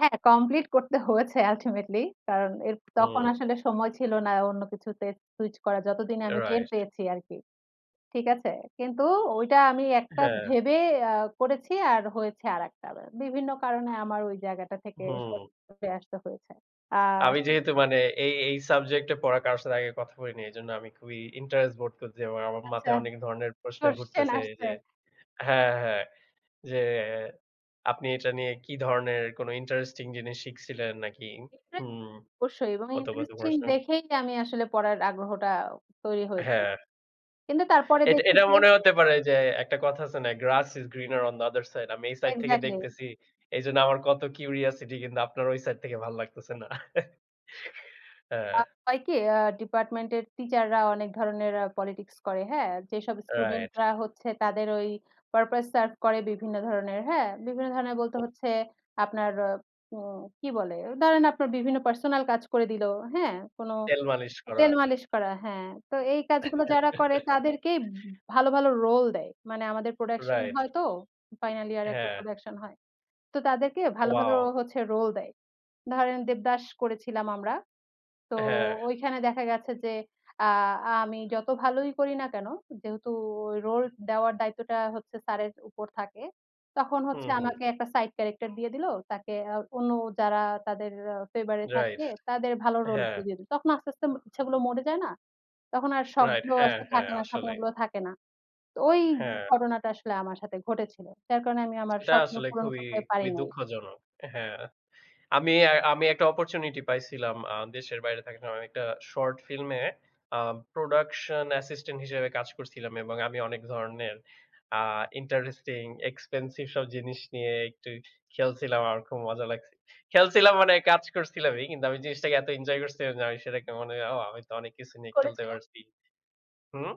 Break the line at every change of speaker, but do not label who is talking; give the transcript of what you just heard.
হ্যাঁ, কমপ্লিট করতে হয়েছে আলটিমেটলি। কারণ এর তখন
হুম।
আসলে সময় ছিল না অন্য কিছুতে সুইচ করা, যতদিনে আমি টের
রাইট।
পেয়েছি আরকি। ঠিক আছে? কিন্তু ওইটা আমি একটা
হ্যাঁ।
ভেবে অ্যাঁ করেছি, আর হয়েছে আরেকটা। ব্যা বিভিন্ন কারণে আমার ওই জায়গাটা থেকে
হুম।
সরে আসতে হয়েছে। অ্যাঁ
আমি
সে
যেহেতু মানে এই, এই সাবজেক্ট টা পড়া কারো সাথে আগে কথা বলি নাই, এইজন্য আমি খুবই ইন্টারেস্ট বোধ করছি এবং আমার
আচ্ছা।
মাথায় অনেক ধরনের প্রশ্ন
কোশ্চেন
ঘুরতেছে এই যে
আসছে? হ্যাঁ।
হ্যাঁ, হ্যাঁ। যে আপনি এটা নিয়ে কী ধরনের, কোনো ইন্টারেস্টিং জিনিস শিখছিলেন নাকি?
ইন্টা
হুম।
অবশ্যই এবং
কত, কত
ইন্টারেস্টিং
প্রশ্ন।
দেখেই আমি আসলে পড়ার আগ্রহটা, তৈরি হয়েছিল।
হ্যাঁ।
কিন্তু তারপরে
এটা,
দেখি
এটা
যে
মনে হতে পারে যে একটা কথা আছে না? "Grass is greener on the other side." আমি এই সাইড থেকে
এক্স্যাক্টলি।
দেখতেছি, এইজন্য আমার কত কিউরিসিটি। কিন্তু আপনার ওই সাইড থেকে ভালো লাগতেছে না।
আ
হ্যাঁ।
হয় কি? আ ডিপার্টমেনট এর টিচার রা অনেক ধরনের পলিটিক্স করে, হ্যাঁ? যেসব স্টুডেন্ট
রাইট।
রা হচ্ছে তাদের ওই, পারপাস সারভ করে বিভিন্ন ধরনের, হ্যাঁ? বিভিন্ন ধরনের বলতে
হু।
হচ্ছে, আপনার আ উম কি বলে? ধরেন আপনার বিভিন্ন পার্সোনাল কাজ করে দিল, হ্যাঁ? কোনো
তেল মালিশ করা।
তেল মালিশ করা, হ্যাঁ। তো এই কাজগুলো যারা করে, তাদেরকেই ভালো, ভালো রোল দেয়। মানে আমাদের প্রোডাকশন
রাইট।
হয়তো, ফাইনাল ইয়ার এ একটা
হ্যাঁ।
প্রোডাকশন হয়। তো তাদেরকে ভালো, ভালো
ওয়াও!
হচ্ছে রোল দেয়। ধরেন দেবদাস করেছিলাম আমরা। তো
হ্যাঁ।
ওইখানে দেখা গেছে যে, আ আমি যত ভালোই করি না কেন? যেহেতু ওই রোল দেওয়ার দায়িত্বটা হচ্ছে স্যারের উপর থাকে, তখন
হুম,
হচ্ছে
হুম।
আমাকে একটা সাইড ক্যারেক্টার দিয়ে দিল, তাকে অ্যা অন্য, যারা তাদের ফেভার এ
রাইট।
থাকে, তাদের ভালো রোল গুলো
হ্যাঁ।
দিয়ে দিল। তখন আস্তে, আস্তে ম ইচ্ছেগুলো মরে যায় না? তখন আর
রাইট।
শখগুলো
হ্যাঁ,
আসলে
হ্যাঁ,
থাকে না,
আসলেই।
স্বপ্নগুলো থাকে না। তো ওই
হ্যাঁ।
ঘটনাটা আসলে আমার সাথে ঘটেছিল। যার কারণে আমি আমার
সেটা
স্বপ্ন
আসলে
পূরণ
খুবই
করতে পারি
খুবই
নাই।
দুঃখজনক অ্যা হ্যাঁ। আমি, অ্যা আমি একটা অপুরচুনিটি পাইছিলাম আ দেশের বাইরে থাকা সময়। আমি একটা শর্ট ফিল্ম এ, আ প্রোডাকশন অ্যাসিস্ট্যান্ট হিসেবে কাজ করছিলাম এবং আমি অনেক ধরনের আ ইন্টারেস্টিং, এক্সপেন্সিভ সব জিনিস নিয়ে একটু খেলছিলাম, আমার খুব মজা লাগছে। খেলছিলাম মানে কাজ করছিলামই কিন্তু, আমি জিনিসটাকে এত এঞ্জয় করছিলাম যে আমি সেটাকে মনে হয়, "ও! আমি তো অনেক কিছু
কি
নিয়ে খেলতে
করেছিলেন?
পারছি।" হুম?